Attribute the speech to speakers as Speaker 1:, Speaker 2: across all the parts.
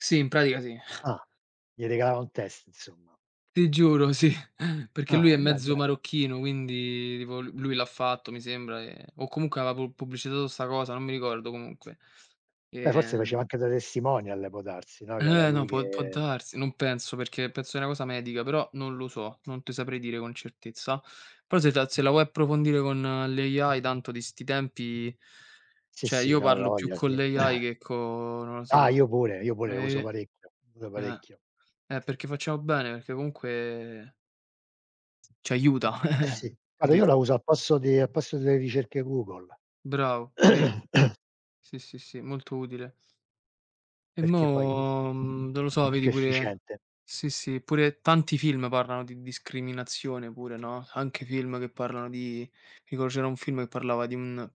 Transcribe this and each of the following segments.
Speaker 1: Sì, in pratica sì.
Speaker 2: Ah. Gli regalava un test insomma.
Speaker 1: Ti giuro, sì perché lui
Speaker 2: Ah
Speaker 1: è
Speaker 2: beh,
Speaker 1: mezzo
Speaker 2: ben
Speaker 1: marocchino, quindi tipo l lui l'ha fatto mi sembra, ehm, o comunque aveva pubb pubblicizzato sta cosa, non mi ricordo comunque. E,
Speaker 2: Beh, forse
Speaker 1: ehm
Speaker 2: faceva anche da testimonial può darsi, no, che era
Speaker 1: Eh, no,
Speaker 2: lui
Speaker 1: può può
Speaker 2: che
Speaker 1: darsi, non penso, perché penso è una cosa medica, però non lo so, non te saprei dire con certezza. Però se ta se la vuoi approfondire con l'AI tanto di sti tempi
Speaker 2: Sì
Speaker 1: cioè
Speaker 2: sì,
Speaker 1: io
Speaker 2: no, hai
Speaker 1: parlo più
Speaker 2: voglia
Speaker 1: con
Speaker 2: sì.
Speaker 1: l'AI che co non lo
Speaker 2: Ah,
Speaker 1: so.
Speaker 2: io pure, io pure lo uso
Speaker 1: E
Speaker 2: parecchio, l'uso
Speaker 1: eh,
Speaker 2: parecchio.
Speaker 1: e perché facciamo bene, perché comunque Ci aiuta,
Speaker 2: Eh, sì guarda io
Speaker 1: capito.
Speaker 2: la uso al posto di al posto delle ricerche Google.
Speaker 1: Bravo, pure io. Sì, sì, sì, molto utile. E
Speaker 2: Perché poi,
Speaker 1: mo, mhmm, non lo
Speaker 2: eh,
Speaker 1: so
Speaker 2: è più
Speaker 1: vedi pure
Speaker 2: efficiente.
Speaker 1: sì sì, pure tanti film, parlano di discriminazione pure, no, anche film che parlano di tipo c'era un film, che parlava di un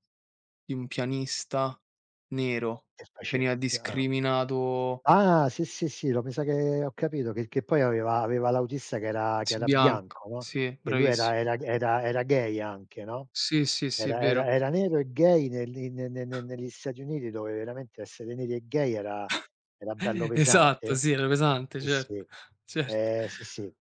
Speaker 1: di un pianista nero
Speaker 2: E
Speaker 1: che veniva
Speaker 2: [unintelligible] ah.
Speaker 1: discriminato
Speaker 2: Ah sì sì, io me sa che ho capito, che che poi aveva aveva l'autista che era che
Speaker 1: Sì
Speaker 2: era
Speaker 1: bianc
Speaker 2: bianco, no,
Speaker 1: sì,
Speaker 2: e lui era
Speaker 1: bravissimo.
Speaker 2: era g era era gay anche, no,
Speaker 1: Sì, sì, sì è
Speaker 2: era era
Speaker 1: vero.
Speaker 2: era nero e gay, negli negli ne ne ne negli Stati Uniti, dove veramente essere neri e gay era era bello
Speaker 1: Esatto,
Speaker 2: pesante.
Speaker 1: sì era pesante,
Speaker 2: Sì,
Speaker 1: certo,
Speaker 2: sì.
Speaker 1: certo.
Speaker 2: Ehm, sì, sì.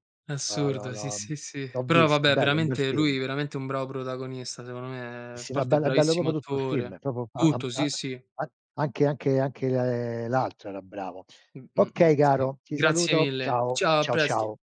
Speaker 2: L'ho l'ho
Speaker 1: Assurdo, sì,
Speaker 2: l'ho mhmm,
Speaker 1: sì, sì, sì,
Speaker 2: l'ho
Speaker 1: però
Speaker 2: visto,
Speaker 1: vabbè,
Speaker 2: bello, un bel
Speaker 1: veramente lui
Speaker 2: film.
Speaker 1: veramente è un bravo protagonista secondo me,
Speaker 2: Sì,
Speaker 1: a
Speaker 2: sì, no è
Speaker 1: parte
Speaker 2: bello è bello
Speaker 1: bravissimo
Speaker 2: proprio tutto il film,
Speaker 1: attore.
Speaker 2: proprio a a
Speaker 1: Tutto, sì,
Speaker 2: a
Speaker 1: sì.
Speaker 2: an anche anche anche l'altro era bravo.
Speaker 1: Mh, mh, mh
Speaker 2: Okay
Speaker 1: sì.
Speaker 2: caro ti
Speaker 1: Grazie
Speaker 2: saluto
Speaker 1: mille.
Speaker 2: ciao,
Speaker 1: Ciao, a
Speaker 2: ciao,
Speaker 1: presto!
Speaker 2: ciao.